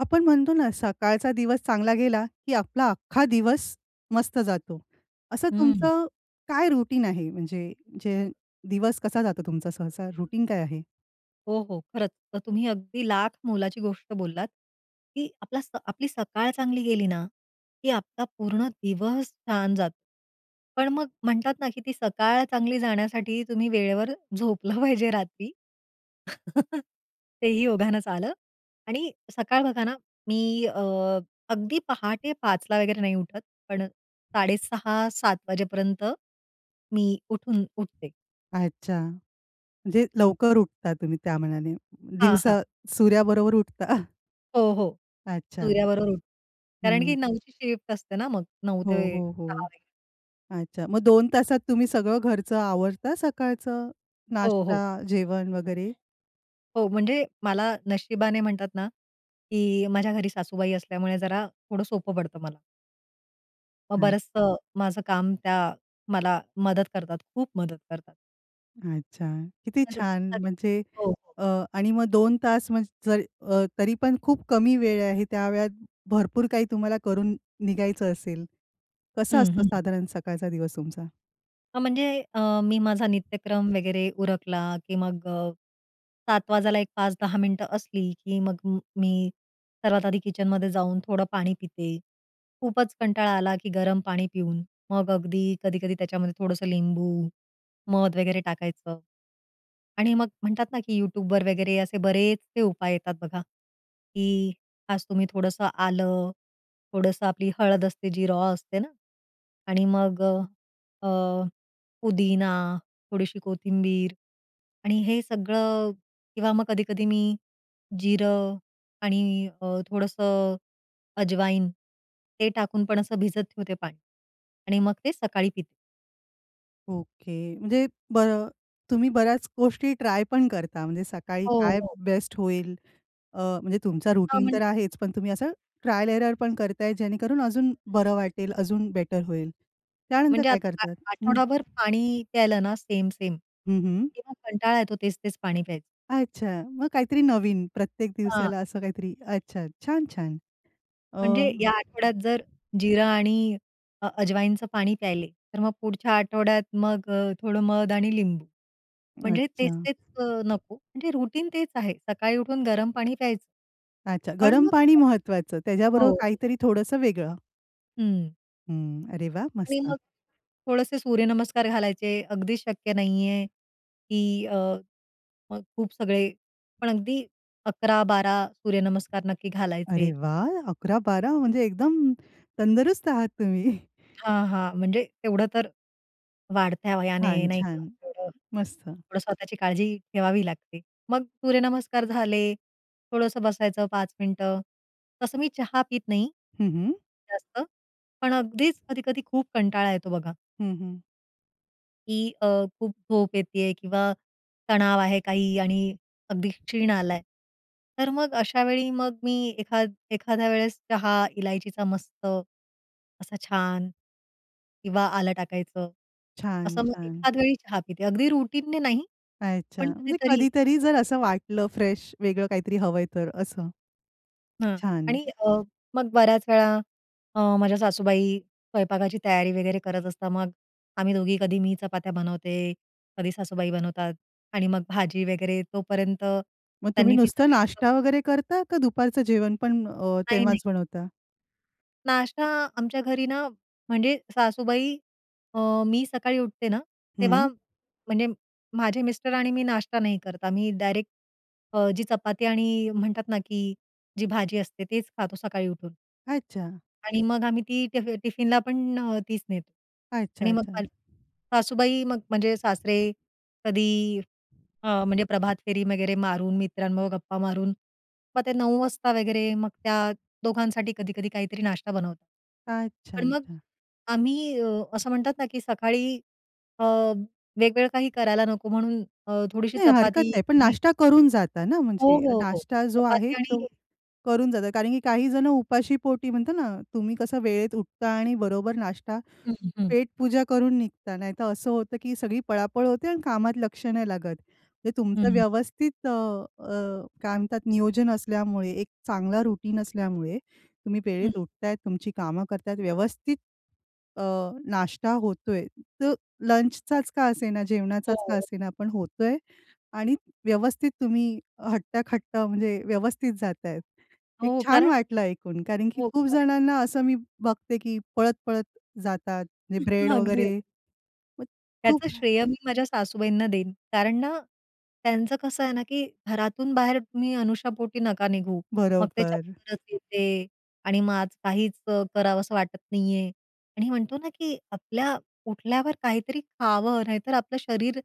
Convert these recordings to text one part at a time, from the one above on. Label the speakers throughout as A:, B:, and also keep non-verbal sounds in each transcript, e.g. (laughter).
A: आपण म्हणतो ना सकाळचा दिवस चांगला गेला की आपला अख्खा दिवस मस्त जातो. असं
B: हं.
A: तुमचं काय रुटीन आहे म्हणजे जे दिवस कसा जातो तुमचा सहसा रुटीन काय आहे?
B: हो, हो, खरंच तर तुम्ही अगदी लाख मोलाची गोष्ट बोललात की आपला स आपली सकाळ चांगली गेली ना की आपला पूर्ण दिवस छान जातो. पण मग म्हणतात ना की ती सकाळ चांगली जाण्यासाठी तुम्ही वेळेवर झोपलं पाहिजे रात्री. (chuckles) तेही योगानच आलं आणि सकाळ बघा ना मी अ, अगदी पहाटे 5 ला वगैरे नाही उठत. पण 6:30-7:00 वाजेपर्यंत मी उठून उठते.
A: अच्छा, म्हणजे लवकर उठता तुम्ही त्या मानाने
B: हां, हां.
A: दिवसा सूर्याबरोबर उठता. (chuckles)
B: हो, हो,
A: अच्छा.
B: सूर्याबरोबर उठ कारण
A: हं.
B: की 9ची ची शिफ्ट असते ना मग 9
A: हो,
B: ते
A: हो, हो.
B: 6.
A: अच्छा. मग 2 तासात तुम्ही सगळं घरचं आवरता सकाळचं
B: हो,
A: नाष्टा,
B: हो.
A: जेवण वगैरे?
B: हो, म्हणजे मला नशिबाने म्हणतात ना की माझ्या घरी सासूबाई असल्यामुळे जरा थोडं सोपं पडतं मला. मग
A: काय?
B: बरचसं माझं काम त्या, मला मदत करतात. खूप मदत करतात.
A: अच्छा. किती
B: करू
A: छान
B: लागतात
A: म्हणजे.
B: हो, हो.
A: अ, आणि मग 2 तास म्हणजे जर अ, तरी पण खूप कमी वेळ आहे त्या वेळात भरपूर काही तुम्हाला करून निघायचं असेल. कसं
B: हं,
A: असतं
B: हं.
A: साधारण सकाळचा दिवस तुमचा?
B: हां म्हणजे अ, मी माझा नित्यक्रम वगैरे उरकला की मग, 7 वाजायला, एक 5-10 मिनिटं असली की मग मी, मी सर्वात आधी किचन मध्ये जाऊन थोडं पाणी पिते. खूपच कंटाळा आला की गरम पाणी पिऊन, मग अगदी कधी-कधी त्याच्यामध्ये थोडंसं लिंबू, मध वगैरे टाकायचं. आणि मग म्हणतात ना की Youtubeवर वगैरे असे बरेचसे उपाय येतात बघा. की आज तुम्ही थोडंसं आलं, थोडंसं आपली हळद असते जी रॉ असते ना? आणि मग अ, पुदिना थोडीशी कोथिंबीर आणि हे सगळं किंवा मग कधी-कधी मी जिरं आणि अ, थोडंसं अजवाईन. ते टाकून पण असं भिजत ठेवते पाणी. आणि मग ते सकाळी पिते
A: ओके. म्हणजे बर तुम्ही बऱ्याच गोष्टी ट्राय पण करता म्हणजे सकाळी
B: हो,
A: काय
B: हो.
A: बेस्ट होईल. अ, म्हणजे तुमचा
B: अ,
A: रुटीन तर
B: म्हणजे
A: आहेच, पण तुम्ही असं ट्रायल एरर पण करताय. जेणेकरून अजून बरं वाटेल, अजून बेटर होईल. त्यानंतर
B: म्हणजे
A: काय
B: आता आ
A: करतात? हं.
B: आठवडाभर पाणी प्यायला ना सेम, सेम.
A: हं, हं.
B: तेव्हा कंटाळा येतो तेच-तेच पाणी प्यायचं.
A: अच्छा! मग काहीतरी नवीन प्रत्येक
B: हां.
A: दिवसाला असं काहीतरी. अच्छा. छान, छान. अ
B: म्हणजे या आठवड्यात जर जिरा आणि अ, अजवाईंचं पाणी प्यायले, तर मग पुढच्या आठवड्यात मग अ, थोडं मध आणि लिंबू. म्हणजे
A: अच्छा.
B: तेच-तेच अ, नको. म्हणजे रुटीन तेच आहे सकाळी उठून गरम पाणी प्यायचं.
A: अच्छा.
B: पण
A: गरम पाणी
B: (unintelligible)
A: महत्वाचं. त्याच्याबरोबर
B: हो.
A: काहीतरी थोडंसं वेगळं.
B: हं.
A: हं. अरे वाह!
B: आणि
A: मस्त.
B: मग, थोडेसे सूर्यनमस्कार घालायचे. अगदी शक्य नाही आहे, की अ, मग खूप सगळे. पण अगदी 11-12 सूर्यनमस्कार नक्की
A: अरे
B: घालायचे.
A: वाह! 11-12 म्हणजे एकदम तंदरुस्त आहात तुम्ही. (chuckles)
B: हां, हां. म्हणजे तेवढं तर, वाढत्या वयाने
A: छान,
B: नाही का
A: छान.
B: (unintelligible)
A: मस्त.
B: थोडं स्वतःची काळजी ठेवावी लागते. मग सूर्यनमस्कार झाले. थोडंसं बसायचं 5 मिनिटं. तसं मी चहा पीत नाही,
A: हं, हं.
B: जास्त. पण अगदीच कधी-कधी खूप कंटाळा येतो बघा
A: हं, हं.
B: की अ, खूप झोप येतीय किंवा तणाव आहे काही आणि अगदी क्षीण आला आहे. तर मग अशावेळी मग मी एखाद एखाद्या वेळेस चहा इलायचीचा मस्त असा छान किंवा आलं टाकायचं,
A: छान.
B: असं मग
A: छान.
B: एखाद वेळी चहा पिते अगदी रुटीनने नाही,
A: अच्छा
B: पण
A: म्हणजे
B: कधीतरी
A: कधीतरी जर असं वाटलं फ्रेश वेगळं काहीतरी हवंय तर, असं.
B: हां.
A: छान!
B: आणि अ, मग बऱ्याच वेळा अ, माझ्या सासूबाई स्वयंपाकाची तयारी वगैरे करत असतात. मग आम्ही दोघी कधी मी चपात्या बनवते, कधी सासूबाई बनवतात आणि मग भाजी वगैरे तोपर्यंत
A: मग तुम्ही
B: त्यांनी ती
A: नुसतं
B: सगळी (unintelligible)
A: नाष्टा वगैरे करता का दुपारचं जेवण पण अ,
B: नाही, नाही.
A: तेव्हाच बनवता?
B: नाष्टा आमच्या घरी ना, म्हणजे सासूबाई अ, मी सकाळी उठते ना, तेव्हा
A: हं.
B: म्हणजे माझे मिस्टर आणि मी नाश्ता नाही करत. आम्ही डायरेक्ट अ, जी चपाती आणि म्हणतात ना की जी भाजी असते तेच खातो सकाळी उठून.
A: अच्छा.
B: आणि मग आम्ही ती टिफ टिफिनला पण अ, तीच नेतो. आणि मग
A: अच्छा-अच्छा.
B: (unintelligible) सासूबाई मग म्हणजे सासरे कधी अ, म्हणजे प्रभात फेरी वगैरे मारून मित्रांबरोबर गप्पा मारून मग ते 9:00 वाजता वगैरे मग त्या दोघांसाठी कधी-कधी काहीतरी नाश्ता बनवतात.
A: अच्छा,
B: पण मग
A: अच्छा.
B: आम्ही असं म्हणतात ना की सकाळी अ, वेगळं काही करायला नको म्हणून अ, थोडीशी
A: नाही, हरकत
B: चपाती
A: नाही. पण
B: कधी
A: नाश्ता करून जाता ना?
B: हो,
A: म्हणजे
B: हो. हो.
A: नाष्टा जो आहे
B: चपाती आणि
A: तो करून जाता. कारण की काही जणं उपाशीपोटी म्हणतो ना तुम्ही कसं वेळेत उठता आणि बरोबर नाष्टा
B: हं, हं. हं.
A: पेटपूजा करून निघता. नाहीतर असं होतं की सगळी पळापळ होते आणि कामात लक्ष नाही लागत. म्हणजे तुमचं
B: हं.
A: व्यवस्थित अ, अ, काय म्हणतात नियोजन असल्यामुळे एक चांगला रुटिन असल्यामुळे, तुम्ही
B: हं.
A: वेळेत उठत आहेत तुमची कामं करत आहेत व्यवस्थित अ, नाष्टा होतोय. तर लंचचाच का असेना जेवणाचाच का
B: हो.
A: असेना पण होतय आणि व्यवस्थित तुम्ही हट्टाकट्टा म्हणजे व्यवस्थित जात आहेत. एक
B: हो,
A: छान
B: कारण
A: वाटलं ऐकून, कारण की
B: हो,
A: खूप
B: कारण
A: जणांना असं मी बघते की पळत-पळत जातात, म्हणजे
B: हं,
A: ब्रेड
B: हं. अगदी, अगदी.
A: वगैरे. मग
B: त्याचं
A: खूप हे
B: श्रेय मी माझ्या सासूबाईंना देईन कारण ना त्यांचं कसं आहे ना की घरातून बाहेर तुम्ही अनशापोटी नका निघू. मग ते
A: बरोबर.
B: चक्करच येते आणि मग आज काहीच अ, करावसं वाटत नाही आहे. आणि म्हणतो ना की आपल्या उठल्यावर काहीतरी खावं, नाहीतर आपलं शरीर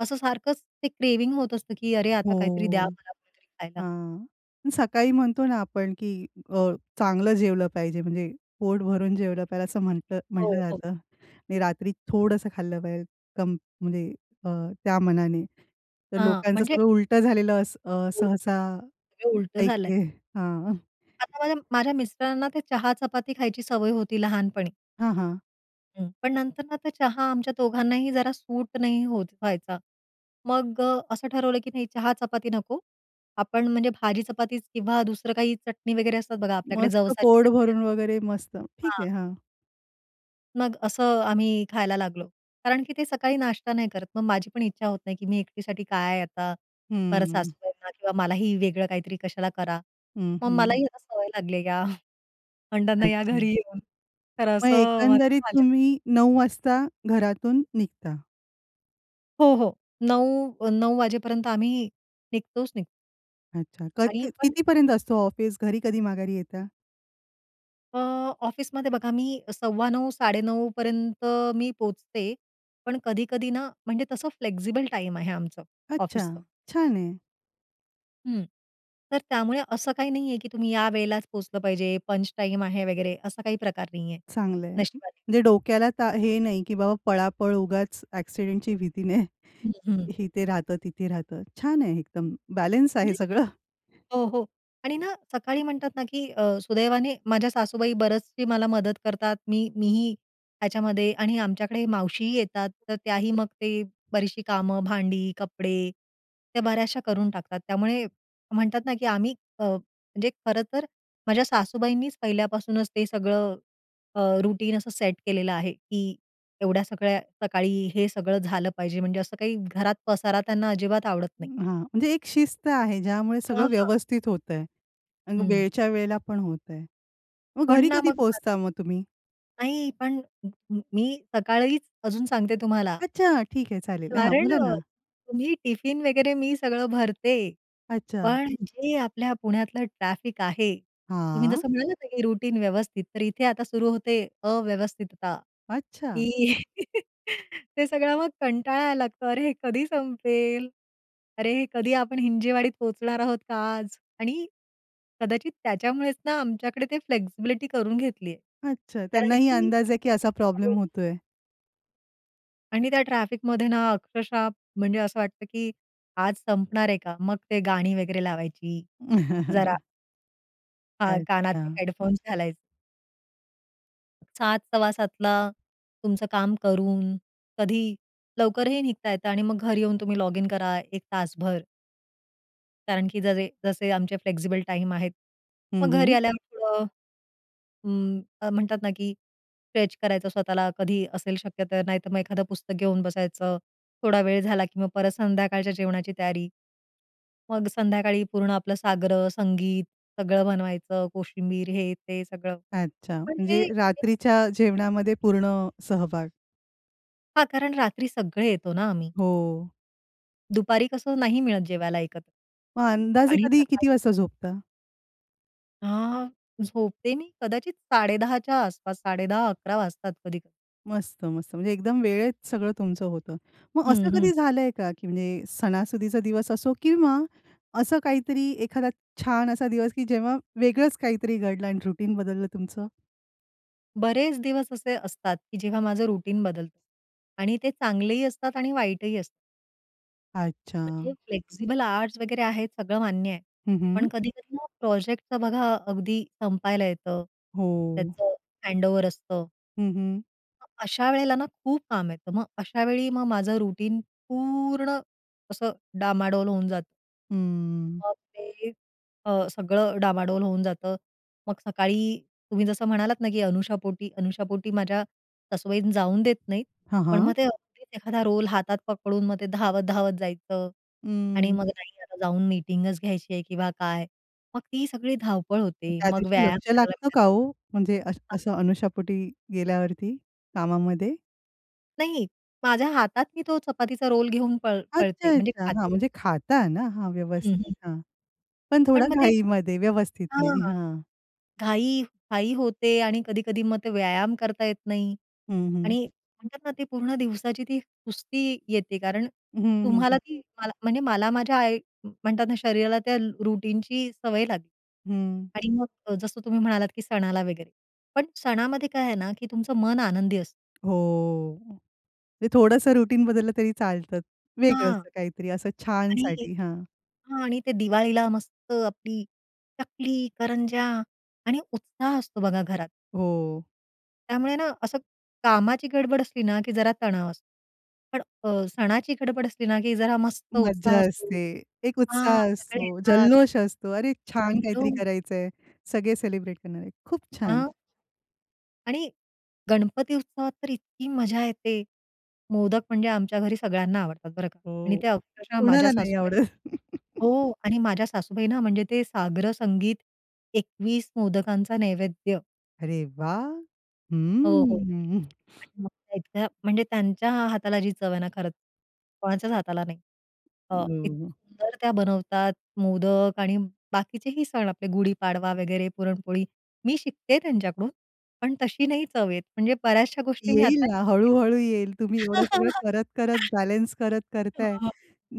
B: असं सारखंच ते क्रेव्हिंग होत असतं की "अरे आता काहीतरी द्या
A: हो.
B: मला कुणीतरी खायला."
A: हां. अन् सकाळी म्हणतो ना आपण की अ, चांगलं जेवलं पाहिजे म्हणजे पोट भरून जेवलं पाहिजे असं म्हटलं
B: हो,
A: म्हटलं
B: हो.
A: जातं आणि रात्री थोडंसं खाल्लं पाहिजे कम म्हणजे अ, त्या मानाने. तर
B: हां,
A: लोकांचं
B: म्हणजे
A: सगळं उलटं झालेलं अस अ,
B: हो.
A: सहसा
B: हे उलटं झालं
A: ऐकतेय.
B: आहे.
A: (chuckles) हां.
B: आता माझ्या, माझ्या मिस्टरांना ते चहा-चपाती खायची सवय होती लहानपणी.
A: हां, हां.
B: हं, पण नंतर ना तर चहा आमच्या दोघांनाही जरा सूट नाही होत व्हायचा. मग अ, असं ठरवलं की नाही चहा-चपाती नको, आपण म्हणजे भाजी चपाती किंवा दुसरं काही चटणी वगैरे असतात बघा आपल्याकडे,
A: मस्त
B: जवसाची
A: पोट
B: चटणी असते.
A: भरून वगैरे मस्त ठीक आहे.
B: हां.
A: हां.
B: मग असं आम्ही खायला लागलो. कारण की ते सकाळी नाश्ता नाही करत. मग माझी पण इच्छा होत नाही की मी एकटीसाठी काय आता, परत
A: हंम्म.
B: सासूबाईंना किंवा मलाही वेगळं काहीतरी कशाला करा.
A: हं,
B: मग
A: हं.
B: मलाही या सवय लागली या अंडाना या
A: अच्छा.
B: घरी येऊन. तर
A: मग
B: असं माझं
A: एकंदरीत
B: झालेलं.
A: तुम्ही 9 वाजता घरातून निघता.
B: हो, हो. 9 अ, 9 वाजेपर्यंत आम्ही निघतोच निघतो.
A: अच्छा. कत
B: आणि
A: क
B: पण
A: किती पर्यंत असतो ऑफिस? घरी कधी माघारी येता?
B: अ, ऑफिसमध्ये बघा मी 9:15 9:30 पर्यंत मी पोहचते. पण कधी-कधी ना, म्हणजे तसं फ्लेक्सिबल टाईम आहे आमचं
A: अच्छा!
B: ऑफिसचं.
A: छान आहे.
B: हं, तर त्यामुळे असं काही नाही आहे की तुम्ही या वेळेलाच पोहोचलं पाहिजे, पंच टाईम आहे वगैरे असा काही प्रकार नाही आहे
A: चांगलं आहे,
B: नशिबाने.
A: म्हणजे डोक्याला ता हे नाही की बाबा पळापळ, उगाच ॲक्सिडेंटची भीती नाही
B: हं, हं.
A: इथे राहतं, तिथे राहतं. छान आहे एकदम बॅलन्स आहे
B: म्हणजे
A: सगळं.
B: हो, हो. आणि ना सकाळी म्हणतात ना की अ, सुदैवाने माझ्या सासूबाई बऱ्याचशी मला मदत करतात. मी मीही त्याच्यामध्ये आणि आमच्याकडे मावशीही येतात. तर त्याही मग ते बरीचशी कामं भांडी, कपडे त्या बऱ्याचशा करून टाकतात. त्यामुळे म्हणतात ना की आम्ही अ, म्हणजे खरंतर माझ्या सासूबाईंनीच पहिल्यापासूनच ते सगळं अ, रुटीन असं सेट केलेलं आहे की एवढ्या सगळ्या सकाळी हे सगळं झालं पाहिजे, म्हणजे असं काही घरात पसारा त्यांना अजिबात आवडत नाही.
A: हां, म्हणजे एक शिस्त आहे. ज्यामुळे
B: हां,
A: सगळं
B: हां.
A: व्यवस्थित होतं आहे आणि
B: हं.
A: वेळच्या वेळेला पण होतं आहे. मग
B: पण
A: घरी
B: ना
A: कधी
B: मग भात
A: पोहचता मग तुम्ही?
B: नाही पण म म मी सकाळीच अजून सांगते तुम्हाला.
A: अच्छा ठीक आहे चालेल. हां,
B: कारण
A: बोला
B: अ,
A: ना.
B: तुम्ही टिफिन वगैरे मी सगळं भरते.
A: अच्छा.
B: पण जे आपल्या पुण्यातलं ट्रॅफिक आहे, तुम्ही
A: हां.
B: जसं म्हणालात, की रुटीन व्यवस्थित तर इथे आता सुरु होते अव्यवस्थितता
A: अच्छा!
B: की ते सगळं मग कंटाळायला लागतो अरे हे कधी संपेल, अरे हे कधी आपण हिंजेवाडीत पोहोचणार आहोत का आज आणि कदाचित त्याच्यामुळेच ना आमच्याकडे ते फ्लेक्सिबिलिटी करून घेतली आहे.
A: अच्छा
B: कारण
A: त्यांनाही
B: की
A: अंदाज आहे, की असा प्रॉब्लेम
B: हो
A: होतोय.
B: आणि त्या ट्रॅफिकमध्ये ना अक्षरशः म्हणजे असं वाटतं, की आज संपणार आहे का? मग ते गाणी वगैरे लावायची जरा.
A: (chuckles)
B: हां, कानाचे
A: अच्छा.
B: हेडफोन्स घालायचे. 7 सव्वासातला तुमचं काम करून, कधी लवकरही निघता येतं आणि मग घरी येऊन तुम्ही लॉगिन करा. एक तासभर. कारण की जजे जसे आमचे फ्लेक्सिबल टाईम आहेत,
A: हं,
B: मग घरी
A: हं.
B: आल्यावर थोडं. उम, म्हणतात ना की स्ट्रेच करायचं स्वतःला कधी असेल शक्य तर नाहीतर मग एखादं पुस्तक घेऊन बसायचं. थोडा वेळ झाला, की मग परत संध्याकाळच्या जेवणाची तयारी. मग संध्याकाळी पूर्ण आपलं साग्र-संगीत सगळं बनवायचं कोशिंबीर, हे ते सगळं.
A: अच्छा,
B: पण हे
A: म्हणजे
B: ए
A: रात्रीच्या जेवणामध्ये पूर्ण अ, सहभाग.
B: हां, कारण रात्री सगळे येतो ना आम्ही.
A: हो.
B: दुपारी कसं नाही मिळत जेवायला एकत्र.
A: मग अंदाजे
B: आणि
A: कधी
B: सकाळी
A: किती वाजता झोपता?
B: अ झोपते मी कदाचित 10:30च्या आसपास, 10:30-11:00 वाजतात कधी-कधी.
A: मस्त मस्त. म्हणजे एकदम वेळेत सगळं तुमचं होतं. मग
B: हं,
A: असं
B: हं.
A: कधी झालंय का, की म्हणजे सणासुदीचा दिवस असो किंवा असं काहीतरी एखादा छान असा दिवस कि जेव्हा वेगळच काहीतरी घडलं आणि रुटीन बदललं तुमचं?
B: बरेच दिवस असे असतात, की जेव्हा माझं रुटीन बदलतं. आणि ते चांगलेही असतात आणि वाईटही असतात. म्हणजे
A: अच्छा.
B: फ्लेक्सिबल आवरझ वगैरे आहेत सगळं मान्य आहे.
A: हं, हं.
B: पण कधी-कधी ना प्रोजेक्टच बघा अगदी संपायला येतं,
A: हो.
B: त्याच हँडओव्हर असतं.
A: हं, हं.
B: मग अशा वेळेला ना खूप काम येतं. मग अशावेळी मग माझं रुटीन पूर्ण, असं डामाडोल होऊन जातं.
A: हम्म.
B: मग ते अ, सगळं डामाडोल होऊन जातं. मग सकाळी तुम्ही जसं म्हणालात ना की अनुशापोटी अनुशापोटी माझ्या सासूबाई जाऊन देत नाहीत.
A: हां,
B: पण
A: हां.
B: मग ते अगदीच एखादा रोल हातात पकडून मग ते धावत-धावत जायचं. आणि
A: अं.
B: मग नाही, आता जाऊन मीटिंगच घ्यायची आहे किंवा काय. मग ती सगळी धावपळ
A: मग
B: होते,
A: त्या
B: मग
A: दिवशी
B: व्यायाम
A: लक्ष
B: करायला
A: लागतं
B: भेटत
A: का हो, म्हणजे अस
B: हां?
A: असं अनुशापोटी गेल्यावरती कामामध्ये?
B: नाही, माझ्या हातात ती तो चपातीचा रोल घेऊन पळ
A: अच्छा,
B: पळते म्हणजे
A: अच्छा. हां,
B: खाते.
A: म्हणजे खाता ना हां,
B: हं,
A: व्यवस्थित
B: हं.
A: हां. पण
B: पण
A: थोडा
B: मग ते
A: घाईमध्ये व्यवस्थित
B: हां.
A: नाही, हां.
B: घाई घाई होते आणि कधी-कधी मग ते व्यायाम करता येत नाही.
A: हं, हं.
B: आणि म्हणतात ना ते पूर्ण दिवसाची ती सुस्ती येते कारण,
A: हं, हं,
B: तुम्हाला
A: हं.
B: ती मला म्हणजे मला माझ्या आई म्हणतात ना शरीराला त्या रुटीनची सवय लागली.
A: हं.
B: आणि मग अ, जसं तुम्ही म्हणालात की सणाला वगैरे, पण सणामध्ये काय आहे ना की तुमचं मन आनंदी असतं.
A: हो, म्हणजे थोडंसं रुटीन बदललं तरी चालत, वेगळ
B: हां.
A: असतं काहीतरी असं
B: आणि एक
A: छानसाठी, हां.
B: हां आणि ते दिवाळीला मस्त आपली चकली, करंजा आणि उत्साह असतो बघा घरात.
A: हो.
B: त्यामुळे ना असं, कामाची गडबड असली ना, की जरा तणाव असतो. पण अ, सणाची गडबड असली ना की जरा मस्त
A: मज्जा
B: उत्साह असतो
A: असते, एक
B: हां,
A: उत्साह
B: सगळे
A: असतो,
B: येतात.
A: जल्लोष असतो, अरे छान काहीतरी
B: जनलो.
A: करायचं आहे. सगळे सेलिब्रेट करणारे खूप छान.
B: अ आणि गणपती उत्सवात तर इतकी मजा येते. मोदक म्हणजे आमच्या घरी सगळ्यांना आवडतात बरं का
A: अ,
B: आणि त्या अक्षरशः माझ्या
A: कोणाला नाही
B: सासूबाई
A: आवडत. (laughs)
B: हो आणि माझ्या सासूबाईना म्हणजे ते साग्रसंगीत, 21 मोदकांचा नैवेद्य.
A: अरे वाह!
B: हो, हो.
A: हम्म. (chuckles)
B: (unintelligible) म्हणजे त्यांच्या हाताला जी चव आहे ना, खरंच कोणाच्याच हाताला नाही. अ,
A: हं,
B: इतकी
A: हं.
B: सुंदर त्या बनवतात, मोदक आणि बाकीचेही सण आपले गुढीपाडवा वगैरे पुरणपोळी. मी शिकतेय त्यांच्याकडून. पण तशी नाही चव येत. म्हणजे बऱ्याचश्या गोष्टी मी
A: येईल
B: आत्ता
A: ना
B: शिकतेय.
A: हळू-हळू येईल. तुम्ही एवढं सगळं करत, करत
B: (laughs) हो.
A: बॅलन्स करत
B: हो,
A: करताय.
B: हो.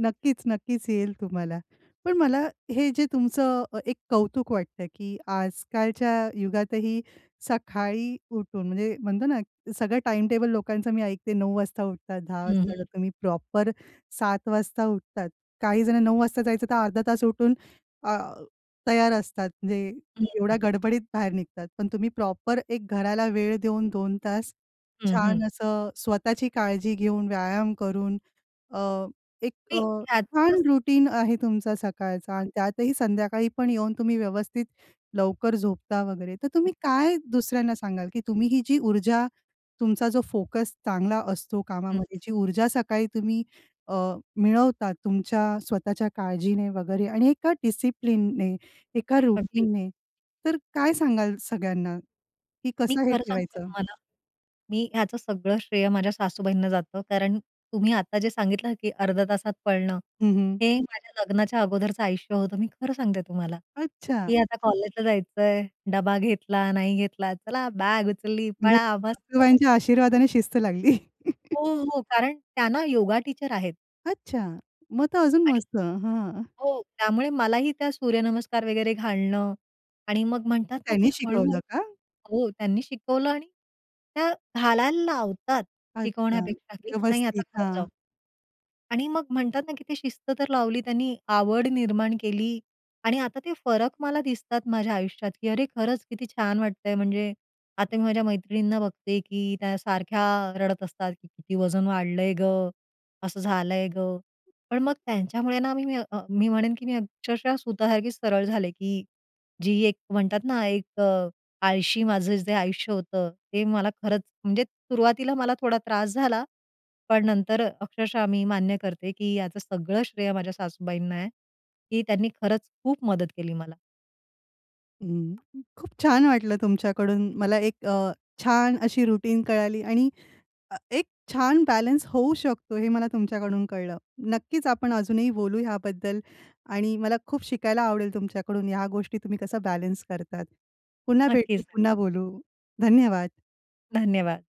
A: नक्कीच, नक्कीच येईल तुम्हाला. पण मला हे जे तुमचं अ, एक कौतुक वाटतंय, की आजकालच्या युगातही सकाळी उठून म्हणजे म्हणतो ना, सगळं टाईम टेबल लोकांचं मी ऐकते. 09:00 वाजता उठतात 10:00
B: हं,
A: वाजता उठतात.
B: हं.
A: तुम्ही प्रॉपर 07:00 वाजता उठतात. काही जण 09:00 वाजता जायचं तर अर्धा तास उठून अ, तयार असतात म्हणजे
B: हं.
A: एवढ्या
B: हं.
A: गडबडीत बाहेर निघतात. पण तुम्ही प्रॉपर एक घराला वेळ देऊन 2 तास
B: हं,
A: छान
B: हं,
A: असं स्वतःची काळजी घेऊन, व्यायाम करून अ, एक अ,
B: नाही, त्यातून असं
A: छान रुटीन आहे तुमचा सकाळचा
B: (unintelligible)
A: आणि त्यातही संध्याकाळी पण येऊन तुम्ही व्यवस्थित लवकर झोपता वगैरे. तर तुम्ही
B: (unintelligible)
A: काय दुसऱ्यांना सांगाल, की तुम्ही ही जी ऊर्जा, तुमचा जो फोकस चांगला असतो
B: हं.
A: कामामध्ये,
B: हं.
A: जी ऊर्जा सकाळी तुम्ही अ, मिळवता तुमच्या स्वतःच्या काळजीने वगैरे आणि एका डिसिप्लिनने, एका
B: अगदी.
A: रुटीनने तर काय सांगाल सगळ्यांना, की
B: मी
A: कसं हे
B: खरं सांगू का
A: ठेवायचं?
B: तुम्हाला. मी ह्याचं सगळं श्रेय माझ्या सासूबाईंना जातं, कारण तुम्ही आता जे सांगितलं, की अर्ध्या तासात पळणं.
A: हं, हं.
B: हे माझ्या लग्नाच्या अगोदरचं आयुष्य होतं. मी खरं सांगते तुम्हाला,
A: अच्छा!
B: की आता कॉलेजला जायचंय डबा घेतला, नाही घेतला, चला बाग उचलली,
A: म्हणजे
B: पळा, मस्त.
A: सासूबाईंच्या आशीर्वादाने शिस्त लागली. (chuckles)
B: हो, हो. कारण त्या ना, योगा टीचर आहेत.
A: अच्छा! मग तर अजून
B: आणि
A: मस्त हं.
B: हो त्यामुळे मलाही त्या सूर्यनमस्कार वगैरे घालणं आणि मग म्हणतात
A: मग
B: ना
A: त्यांनी
B: की हळू
A: शिकवलं का?
B: हो. त्यांनी शिकवलं आणि त्या घालायला लावतात
A: अच्छा
B: शिकवण्यापेक्षा, कि नाही आता
A: व्यवस्थित
B: कर जाऊ.
A: हां.
B: आणि मग म्हणतात ना, की ती शिस्त तर लावली त्यांनी आवड निर्माण केली आणि आता ते फरक मला दिसतात माझ्या आयुष्यात, की अरे खरंच किती छान वाटतं आहे. म्हणजे आता मी माझ्या मैत्रिणींना बघते, की त्या सारख्या रडत असतात, "की किती वजन वाढलं आहे गं, असं झालं आहे गं." पण मग त्यांच्यामुळे ना मी मी म्हणेन, की मी अक्षरशः सुतासारखी सरळ झाले, की जी एक म्हणतात ना, एक अ, आळशी माझं जे आयुष्य होतं ते मला खरंच म्हणजे सुरुवातीला मला थोडा त्रास झाला, पण नंतर अक्षरशः मी मान्य करते, की याचं सगळं श्रेय माझ्या सासूबाईंना आहे कि त्यांनी खरंच खूप मदत केली मला.
A: हं, खूप छान वाटलं तुमच्याकडून मला एक अ, छान अशी रुटीन कळाली आणि अ, एक छान बॅलन्स होऊ शकतो, हे मला तुमच्याकडून कळलं. नक्कीच आपण अजूनही बोलू ह्याबद्दल आणि मला खूप शिकायला आवडेल तुमच्याकडून ह्या गोष्टी तुम्ही कसं बॅलन्स करतात. पुन्हा भेटू,
B: नक्कीच. (unintelligible)
A: पुन्हा बोलू. धन्यवाद.
B: धन्यवाद.